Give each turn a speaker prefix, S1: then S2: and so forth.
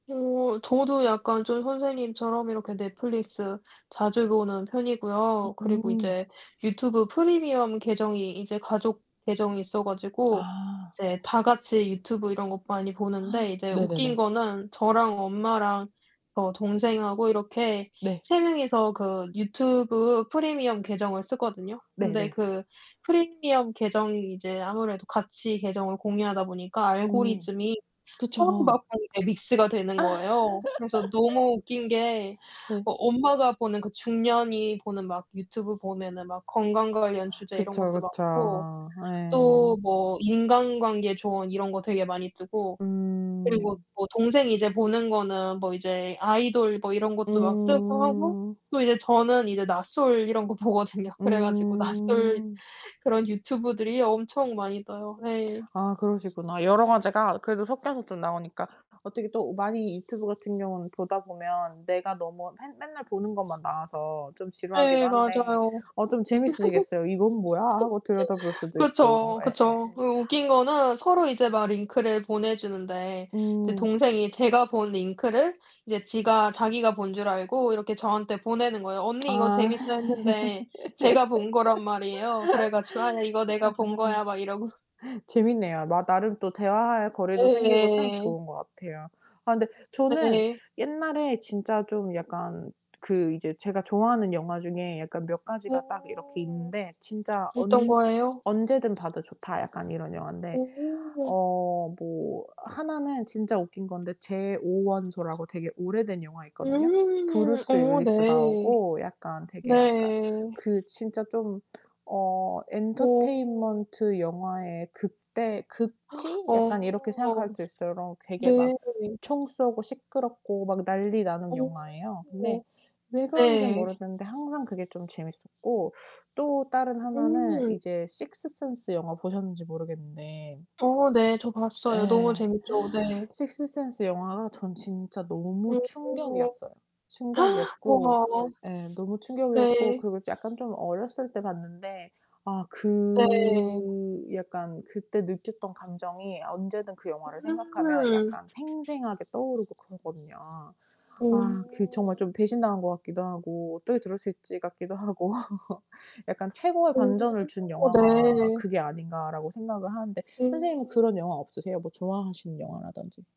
S1: 어 저도 약간 좀 선생님처럼 이렇게 넷플릭스 자주 보는 편이고요. 그리고
S2: 음.
S1: 이제 유튜브 프리미엄 계정이 이제 가족 계정이 있어 가지고
S2: 아.
S1: 이제 다 같이 유튜브 이런 거 많이 보는데 이제 웃긴
S2: 네네네.
S1: 거는 저랑 엄마랑 저 동생하고 이렇게
S2: 네.
S1: 3 명이서 그 유튜브 프리미엄 계정을 쓰거든요. 근데
S2: 네네.
S1: 그 프리미엄 계정이 이제 아무래도 같이 계정을 공유하다 보니까
S2: 음
S1: 알고리즘이 서로
S2: 그쵸.
S1: 막 아이 예 믹스가 되는 거예요. 그래서 너무 웃긴 게
S2: 네.
S1: 어 엄마가 보는 그 중년이 보는 막 유튜브 보면은 막 건강 관련 주제 이런
S2: 그쵸,
S1: 것도
S2: 그쵸.
S1: 많고 또
S2: 예.
S1: 뭐 인간관계 조언 이런 거 되게 많이 뜨고 그리고
S2: 음.
S1: 뭐 동생이 이제 보는 거는 뭐 이제 아이돌 뭐 이런 것도 막 뜨고 하고
S2: 음.
S1: 또 이제 저는 이제 나솔 이런 거 보거든요. 그래 가지고 나솔
S2: 음.
S1: 그런 유튜브들이 엄청 많이 떠요. 예.
S2: 아 그러시구나. 여러 가지가 그래도 섞여서 좀 나오니까 어떻게 또 많이 유튜브 같은 경우는 보다 보면 내가 너무 맨 맨날 보는 것만 나와서 좀 지루하기도
S1: 예
S2: 한데
S1: 맞아요.
S2: 어 좀 재밌으시겠어요. '이건 뭐야.' 하고 들여다 볼 수도 있고.
S1: 그쵸. 그쵸.
S2: 예예예.
S1: 그리고 웃긴 거는 서로 이제 막 링크를 보내 주는데 이제
S2: 음.
S1: 동생이 제가 본 링크를 이제 지가 자기가 본 줄 알고 이렇게 저한테 보내는 거에요.
S2: 아.
S1: "언니 이거
S2: 아
S1: 재밌어." 했는데 제가 본 거란 말이에요. 그래 가지고 "아 이거 내가 본 거야." 막 이러고
S2: 재밌네요. 막 나름 또 대화할
S1: 예
S2: 거리도 생기고 참
S1: 예.
S2: 좋은 것 같아요. 아 근데 저는
S1: 네.
S2: 옛날에 진짜 좀 약간 그 이제 제가 좋아하는 영화 중에 약간 몇 가지가 딱 이렇게
S1: 어
S2: 있는데, 진짜
S1: 어떤
S2: 언
S1: 거예요?
S2: 언제든 봐도 좋다 약간 이런 영화인데.
S1: 오.
S2: 어 뭐 하나는 진짜 웃긴 건데 제 5 원소라고 되게 오래된 영화 있거든요.
S1: 음
S2: 브루스
S1: 어
S2: 윌리스
S1: 네.
S2: 나오고 약간 되게 약간
S1: 네.
S2: 그 진짜 좀 어
S1: 어.
S2: 엔터테인먼트 영화의 극대, 극치? 약간 이렇게
S1: 어
S2: 생각할 수 있어요. 요런 되게
S1: 네.
S2: 막 총 쏘고 시끄럽고 막 난리 나는
S1: 어
S2: 영화예요. 근데 왜 그런진
S1: 네.
S2: 모르겠는데 항상 그게 좀 재밌었고 또 다른 하나는
S1: 음.
S2: 이제 식스센스 영화 보셨는지 모르겠는데
S1: 어 네. 저 봤어요. 너무
S2: 예.
S1: 재밌죠. 네.
S2: 식스센스 영화가 전 진짜 너무
S1: 어.
S2: 충격이었어요. 충격이었고
S1: 우와.
S2: 예 너무 충격이었고
S1: 네.
S2: 그리고 약간 좀 어렸을 때 봤는데 아
S1: 네.
S2: 그 약간 그때 느꼈던 감정이 언제든 그 영화를 생각하면
S1: 음.
S2: 약간 생생하게 떠오르고 그러거든요. 아 그 정말
S1: 어.
S2: 좀 배신당한 것 같기도 하고 '어떻게 저럴 수 있지?' 같기도 하고 약간 '최고의 반전을 준
S1: 어
S2: 영화가
S1: 네.
S2: 그게 아닌가.'라고 생각을 하는데 선생님은
S1: 오.
S2: 그런 영화 없으세요? 뭐 좋아하시는 영화라든지.